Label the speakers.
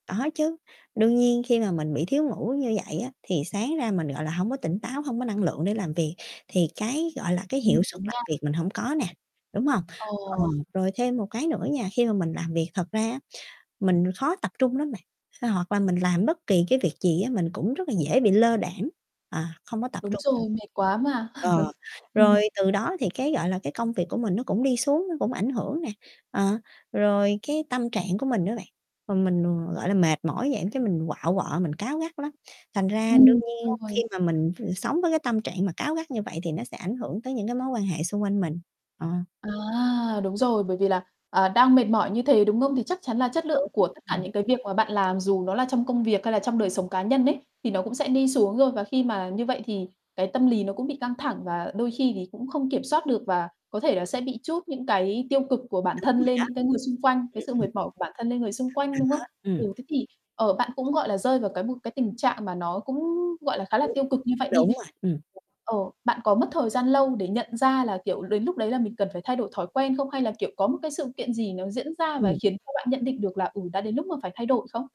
Speaker 1: Có chứ, đương nhiên khi mà mình bị thiếu ngủ như vậy á thì sáng ra mình, gọi là, hông có tỉnh táo, hông có năng lượng để làm việc, thì cái, gọi là, cái
Speaker 2: Ừm,
Speaker 1: hiệu suất
Speaker 2: đúng
Speaker 1: làm
Speaker 2: nha.
Speaker 1: việc mình hổng có nè, đúng hông? Ờ,
Speaker 2: Ờ.
Speaker 1: rồi thêm một cái nữa nha, khi mà mình làm việc, thật ra á mình khó tập trung lắm bạn, phải hoặc là mình làm bất kỳ cái việc gì á mình cũng rất là dễ bị lơ đãng, à, không có tập
Speaker 2: Đúng
Speaker 1: trung. [unintelligible]
Speaker 2: rồi, mệt quá mà.
Speaker 1: Ờ, rồi
Speaker 2: Ừm.
Speaker 1: từ đó thì cái, gọi là, cái công việc của mình nó cũng đi xuống, nó cũng ảnh hưởng nè, ờ, rồi cái tâm trạng của mình á bạn, rồi mình, gọi là, mệt mỏi vậy cái mình quạu quọ, mình cáu gắt lắm. Thành ra đương
Speaker 2: Ừm, đúng
Speaker 1: nhiên khi
Speaker 2: rồi.
Speaker 1: mà mình v sống với cái tâm trạng mà cáu gắt như vậy thì nó sẽ ảnh hưởng tới những cái mối quan hệ xung quanh mình, ờ.
Speaker 2: À, đúng rồi, bởi vì là, ờ, đang mệt mỏi như thế, đúng không? Thì chắc chắn là chất lượng
Speaker 1: Đúng.
Speaker 2: của tất cả
Speaker 1: Ừm.
Speaker 2: những cái việc mà bạn làm dù nó là trong công việc hay là trong đời sống cá nhân ấy, thì nó cũng sẽ đi xuống rồi. Và khi mà như vậy thì cái tâm lý nó cũng bị căng thẳng và đôi khi thì cũng không kiểm soát được và có thể là sẽ bị trút những cái tiêu cực của bản
Speaker 1: Đúng
Speaker 2: thân
Speaker 1: rồi
Speaker 2: lên
Speaker 1: đó.
Speaker 2: những cái người xung quanh cái sự mệt mỏi của bản thân lên người xung quanh, đúng không?
Speaker 1: Ừm, ừm. Rồi đó.
Speaker 2: Ừ,
Speaker 1: Ừm.
Speaker 2: thế thì, ờ, bạn cũng, gọi là, rơi vào cái một cái tình trạng mà nó cũng, gọi là, khá là tiêu cực như vậy đi.
Speaker 1: Đúng rồi, ừm.
Speaker 2: Ờ, bạn có mất thời gian lâu để nhận ra là, kiểu, đến lúc đấy là mình cần phải thay đổi thói quen không, hay là, kiểu, có một cái sự kiện gì nó diễn ra và
Speaker 1: Ừm.
Speaker 2: khiến cho bạn nhận định được là, ừ, đã đến lúc mà phải thay đổi không?